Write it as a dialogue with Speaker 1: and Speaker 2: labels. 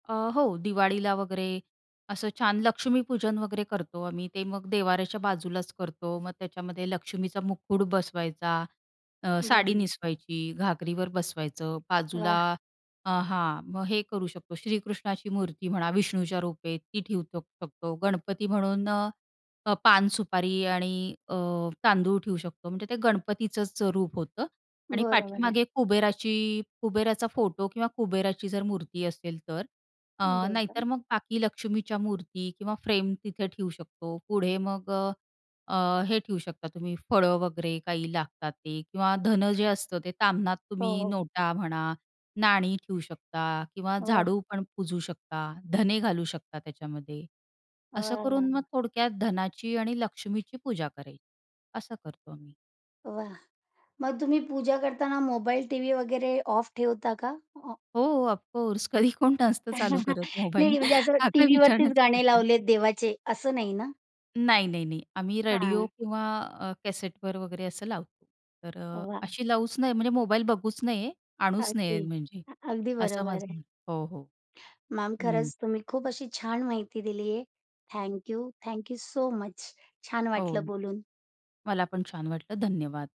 Speaker 1: अ, हो, दिवाळीला वगैरे असं छान लक्ष्मीपूजन वगैरे करतो आम्ही. ते मग देवाऱ्याच्या बाजूलाच करतो. मग त्याच्यामध्ये लक्ष्मीचा मुक्कुड बसवायचा, अ, साडी
Speaker 2: बरोबर.
Speaker 1: निसवायची, घागरीवर बसवायचं. बाजूला
Speaker 2: वाह!
Speaker 1: अ, हां, मग हे करू शकतो. श्रीकृष्णाची मूर्ती म्हणा, विष्णूच्या रूपे ती ठेवू शकतो. गणपती म्हणून अ, अ, पान, सुपारी आणि अ, तांदूळ ठेऊ शकतो. म्हणजे ते गणपतीचंच रूप होतं. आणि
Speaker 2: बरोबर आहे.
Speaker 1: पाठीमागे कुबेराची कुबेराचा फोटो किंवा कुबेराची जर मूर्ती असेल, तर अ,
Speaker 2: हं. बोल
Speaker 1: नाहीतर
Speaker 2: ना.
Speaker 1: मग बाकी लक्ष्मीच्या मूर्ती किंवा फ्रेम तिथे ठेऊ शकतो. पुढे मग अ, अ, हे ठेऊ शकता तुम्ही फळं वगैरे काही लागतात ते किंवा धन जे असतं, ते तामणात
Speaker 2: हो,
Speaker 1: तुम्ही
Speaker 2: हो.
Speaker 1: नोटा म्हणा नाणी ठेवू शकता किंवा
Speaker 2: वाह!
Speaker 1: झाडू पण पुजू शकता. धने घालू शकता त्याच्यामध्ये. असं
Speaker 2: वाह!
Speaker 1: करून मग
Speaker 2: वाह!
Speaker 1: थोडक्यात धनाची आणि लक्ष्मीची पूजा करायची. असं करतो आम्ही.
Speaker 2: वाह! मग तुम्ही पूजा करताना मोबाईल, टीव्ही वगैरे ऑफ ठेवता का? [unintelligible]
Speaker 1: हो, ऑफकोर्स कधी कोण नसतं चालू करत मोबाईल.
Speaker 2: नाही, म्हणजे असं
Speaker 1: हा काय
Speaker 2: टीव्हीवरतीच
Speaker 1: विचारण्याचा
Speaker 2: गाणे
Speaker 1: प्रश्न आहे.
Speaker 2: लावलेत देवाचे असं नाही ना?
Speaker 1: नाही, नाही, नाही .आम्ही रेडिओ
Speaker 2: हां.
Speaker 1: किंवा अ, कॅसेटवर वगैरे असं लावतो, तर अ,
Speaker 2: वाह!
Speaker 1: अशी लावूच नये, म्हणजे मोबाईल बघूच नये, आणूच
Speaker 2: अगदी.
Speaker 1: नये म्हणजे
Speaker 2: अगदी
Speaker 1: असं
Speaker 2: बरोबर
Speaker 1: माझं
Speaker 2: आहे.
Speaker 1: म्ह हो, हो.
Speaker 2: मॅम
Speaker 1: हं.
Speaker 2: खरंच तुम्ही खूप अशी छान माहिती दिली आहे. Thank you. Thank you so much. छान
Speaker 1: हो.
Speaker 2: वाटलं बोलून.
Speaker 1: मला पण छान वाटलं. धन्यवाद.